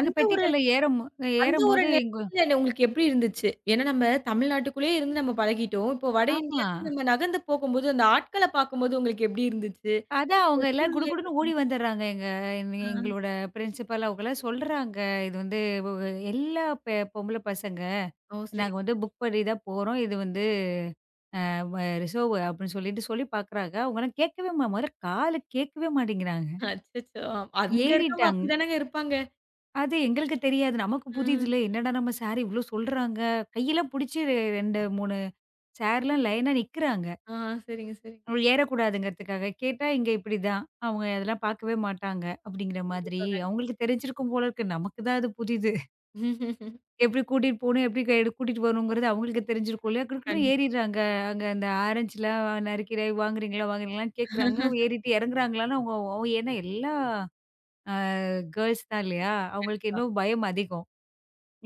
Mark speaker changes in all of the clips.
Speaker 1: எங்க
Speaker 2: அந்த ஒரு
Speaker 1: பெட்டிக்கள்ல ஏற மோ ஏற
Speaker 2: அந்த ஒரு
Speaker 1: மோது, எங்க
Speaker 2: நெலைமைல உங்களுக்கு எப்படி இருந்துச்சு? ஏனா நம்ம தமிழ்நாட்டுக்குள்ளே இருந்து நம்ம பழகிட்டோம். இப்போ வட
Speaker 1: ஆமா.
Speaker 2: இந்தியாவுக்கு நம்ம நகர்ந்து போகும்போது, அந்த ஆட்களப் பாக்கும்போது உங்களுக்கு எப்படி இருந்துச்சு?
Speaker 1: அதான், அவங்க
Speaker 2: அந்தச்
Speaker 1: எல்லாம்
Speaker 2: சூழலை
Speaker 1: குடுகுடுன்னு
Speaker 2: பாக்கும்
Speaker 1: ஓடி
Speaker 2: போது
Speaker 1: வந்தர்றாங்கங்க. எங்க
Speaker 2: ஆ!
Speaker 1: எங்களோட ப்ரின்ஸிபல் அவங்களாம் சொல்றாங்க, இது வந்து எல்லா பெ பொம்பள பசங்க,
Speaker 2: ஓ,
Speaker 1: நாங்க வந்து
Speaker 2: சேரிங்க.
Speaker 1: புக் பண்ணி தான் போறோம். இது வந்து அ வ ரிசெர்வ் அப்படின்னு சொல்லிட்டு சொல்லிப் பாக்குறாங்க. அவங்கலாம் கேக்கவே மா மொதல்ல காதுல கேக்கவே மாட்டேங்கறாங்க.
Speaker 2: அச்சச்சோ! அங்க இருக்கறவங்க
Speaker 1: ஏறிட்டாங்க
Speaker 2: அப்படித்தானேங்க இருப்பாங்க!
Speaker 1: அது எங்களுக்குத் தெரியாது. நமக்குப்
Speaker 2: ம்.
Speaker 1: புதிதுல. "என்னடா நம்ம சாரு, இவ்ளோ சொல்றாங்க!" கையில புடிச்சி 2 3 சாருலாம் லைன்னா நிக்குறாங்க.
Speaker 2: ஆ! சேரிங்க, சேரிங்க.
Speaker 1: அவங்க ஏறக் கூடாதுன்றதுக்காகக் கேட்டா, இங்க இப்படி தான், அவங்க அதெல்லாம் பாக்கவே மாட்டாங்க, அப்படிங்கற மாதிரி,
Speaker 2: கண்டிப்பா, கண்டிப்பா.
Speaker 1: அவங்களுக்கு தெரிஞ்சிருக்கும் போல இருக்கு. நமக்குத் தான் அது புதிது. எப்படி கூட்டிட்டு போணும், எப்படி கையோடு கூட்டிட்டு வரணும்ங்கறது அவங்களுக்கு தெரிஞ்சிருக்கும்ல. குடு குடுன்னு
Speaker 2: கண்டிப்பா.
Speaker 1: ஏரிறாங்க. அங்க அந்த ஆரஞ்சுலாம் நறுக்கி ஏய் வாங்குறீங்களா வாங்குறீங்களா, கேக்குறாங்க. ஏறிட்டு இறங்குறாங்கலானா, எல்லா அ கேர்ல்ஸ் தான் இல்லையா? அவங்களுக்கு
Speaker 2: கண்டிப்பா.
Speaker 1: இன்னும் பயம் அதிகம்.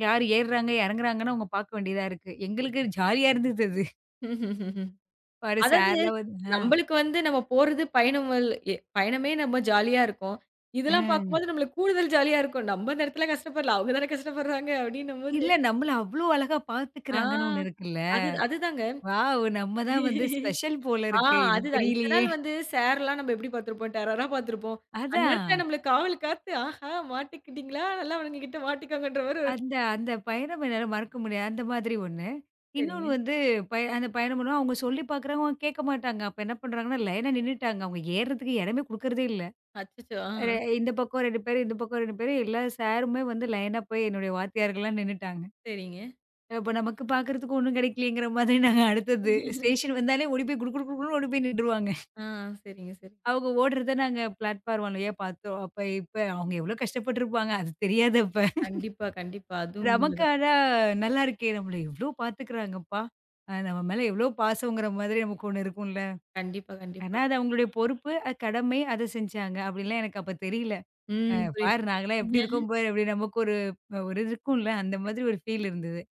Speaker 1: யாரு ஏறுறாங்க, இறங்குறாங்கன்னு அவங்க பாக்க வேண்டியதா இருக்கு. எங்களுக்கு ஜாலியா இருந்தது அது! பாரு
Speaker 2: அதாது,
Speaker 1: சாருலாம் வந்து, ஆ
Speaker 2: நம்மளுக்கு வந்து, நம்ம போறது பயணம், எ பயணமே நம்ம ஜாலியா இருக்கும். இதுல்லாம்
Speaker 1: அஹ்.
Speaker 2: பாக்கும்போது, நம்மளுக்கு கூடுதல் ஜாலியா இருக்கும். நம்ம அந்த இடத்துல கஷ்டப்படல, அவங்கதான கஷ்டப்படுறாங்க, அப்படின்னம்போது
Speaker 1: இல்ல, நம்மள அவ்ளோ அழகா
Speaker 2: ஆ,
Speaker 1: பாத்துக்குறாங்கன்னு ஒண்ணு இருக்குல்ல.
Speaker 2: அது, அதுதாங்க.
Speaker 1: வாவ். நம்ம தான் வந்து ஸ்பெஷல் போல
Speaker 2: ஆ,
Speaker 1: இருக்கு. இது
Speaker 2: அதுதான் இத்தன
Speaker 1: தெரியலையே!
Speaker 2: நாள் வந்து சார்லாம் நம்ம எப்படி பார்த்துருப்போம், டெரரா பாத்துருப்போம். அந்த நேரத்துல
Speaker 1: அதான்.
Speaker 2: நம்மள காவல் காத்து, ஆஹா மாட்டிக்கிட்டீங்களா? நல்ல அவனுங்களுக்கிட்ட மாட்டிக்கோங்கன்ற மாதிரி ஒரு
Speaker 1: அந்த அந்தப் பயணம் என்னால மறக்க முடியாது. அந்த மாதிரி ஒண்ணு. இன்னொன்னு
Speaker 2: சேரிங்க.
Speaker 1: வந்து, பய அந்தப் பயணம் பண்ணுவோம், அவங்க சொல்லிப் பாக்குறாங்க, அவங்க கேக்க மாட்டாங்க. அப்ப என்ன பண்ணுறாங்கனா, லைனா நின்னுட்டாங்க. அவங்க ஏறுறதுக்கு இடமே குடுக்கறதே இல்ல
Speaker 2: அச்சச்சோ!
Speaker 1: அ எ
Speaker 2: ஆ.
Speaker 1: இந்தப் பக்கம் 2 பேரு, இந்தப் பக்கம் 2 பேரு. எல்லா சாருமே வந்து லைனா போய் என்னுடைய வாத்தியார்கள்லாம் நின்னுட்டாங்க
Speaker 2: சேரிங்க.
Speaker 1: அப்ப நமக்குக் பாக்குறதுக்கு ஒண்ணும் கிடைக்கலயேங்கிற மாதிரி, நாங்க அடுத்ததது. ஸ்டேஷன் வந்தாலே ஓடிப் போய்க் குடு குடு குடுன்னு ஓடிப் போயி நின்றுவாங்க.
Speaker 2: ஆ! சேரிங்க, சேரிங்க.
Speaker 1: அவங்க ஓடுறத நாங்க பிளாட்ஃபார்ம் வழியா பாத்தோம். அப்ப இப்ப அவங்க எவ்ளோ கஷ்டப்பட்டுருப்பாங்க. அது தெரியாது, அப்ப!
Speaker 2: கண்டிப்பா, கண்டிப்பா. அதுவும்
Speaker 1: நமக்கு
Speaker 2: உண்மதான்.
Speaker 1: ஆனா நல்லாயிருக்கே! நம்மள எவ்ளோ பாத்துக்குறாங்கப்பா! நம்ம மேல எவ்ளோ பாசம்ங்கிற மாரி நமக்கு ஒண்ணு இருக்கும்ல!
Speaker 2: கண்டிப்பா,
Speaker 1: ஆனா,
Speaker 2: கண்டிப்பா.
Speaker 1: அது அவங்களுடைய பொறுப்பு, அ கடமை, அதைச் செஞ்சாங்க. அப்படிலாம் எனக்கு அப்பத் தெரியல. அ
Speaker 2: ம். புரிது,
Speaker 1: பாரு
Speaker 2: புரிது.
Speaker 1: நாங்கலாம் எப்டி இருக்கோம் பாரு! அப்டி நமக்கு ஒரு இது இருக்கும்ல்ல. அந்த மாதிரி ஒரு ஃபீல் இருந்தது.